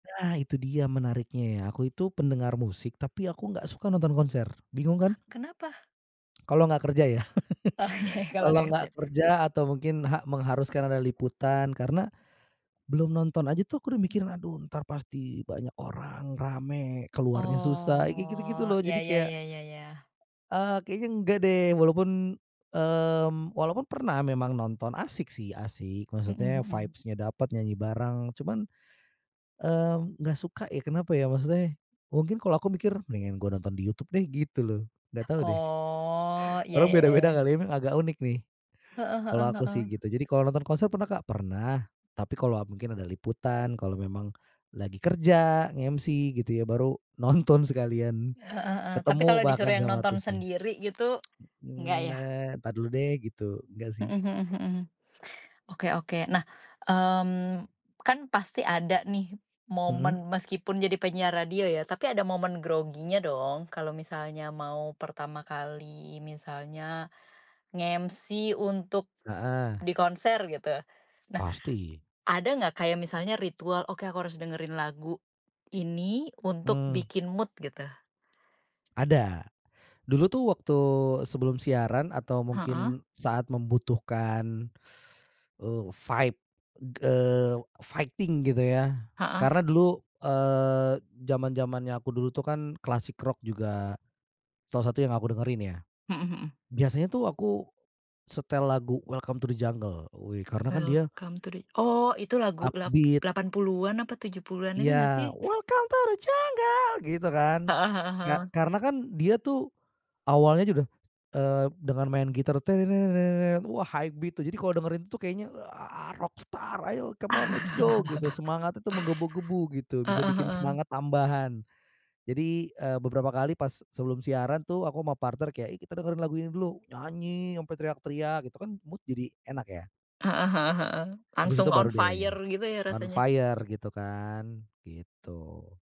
Nah itu dia menariknya ya, aku itu pendengar musik tapi aku gak suka nonton konser, bingung kan? Kenapa? Kalau gak kerja ya Oh ya ya, kalau kalau gak gak kerja. kerja atau mungkin ha mengharuskan ada liputan, karena belum nonton aja tuh aku udah mikir, aduh entar pasti banyak orang, rame, keluarnya susah, kayak gitu-gitu Oh, loh, ya jadi ya kayak ya ya ya. eee ,kayaknya nggak deh walaupun mmm, walaupun pernah memang nonton, asyik sih, asyik Mhm maksudnya mhm. vibes-nya dapat, nyanyi bareng, cuman, eee, nggak suka ya, kenapa ya, maksudnya, mungkin kalau aku mikir, mendingan gue nonton di YouTube deh gitu loh, nggak tahu deh. Oh, ya Orang ya ya beda-beda kali ya. ya, emang agak unik nih, Heeh kalau heeh aku sih heeh. gitu, jadi kalau nonton konser pernah nggak? Pernah, tapi kalau mungkin ada liputan kalau memang lagi kerja, nge-MC gitu ya, baru nonton sekalian, Heeh heeh, tapi ketemu kalau bahkan disuruh yang sama nonton artisnya. sendiri gitu, enggak Eee, ya? na entar dulu deh gitu, enggak sih. Mhm mhm mhm. Oke oke. Nah, mmm, kan pasti ada nih Mhm. momen meskipun jadi penyiar radio ya, tapi ada momen groginya dong, kalo misalnya mau pertama kali misalnya nge-MC untuk Heeh. di konser gitu. Nah, Pasti. ada ga kayak misalnya ritual, oke aku harus dengerin lagu ini untuk Hmm. bikin mood gitu? Ada. Dulu tuh waktu sebelum siaran, atau Heeh. mungkin saat membutuhkan, eee, fight eee, fighting gitu ya. Heeh. Karena dulu, eee, zaman-zamannya aku dulu tuh kan klasik rock juga, salah satu yang aku dengerin ya. Mhm mhm. Biasanya tuh aku setel lagu Welcome to the Jungle, wih karena kan dia Welcome to the oh itu lagu lap upbeat. lapan puluhan apa 70-an itu Iya, ga sih? welcome to the jungle gitu kan, Heeh heeh ka heeh. karena kan dia tuh awalnya aja udah, eee, dengan main gitar tene-ne-net, wah high beat tuh, jadi kalau dengerin itu tuh kayaknya, ah rock star, ayo come on let's go gitu, semangat itu menggebu-gebu gitu, bisa Heeh bikin heeh. semangat tambahan. Jadi, eee, beberapa kali pas sebelum siaran tuh aku sama partner kayak, "Ih kita dengerin lagu ini dulu!" nyanyi sampai teriak-teriak gitu kan mood jadi enak ya. Heeh heeh heeh. Habis Langsung itu on baru fire deh gitu ya on rasanya. fire gitu kan, gitu.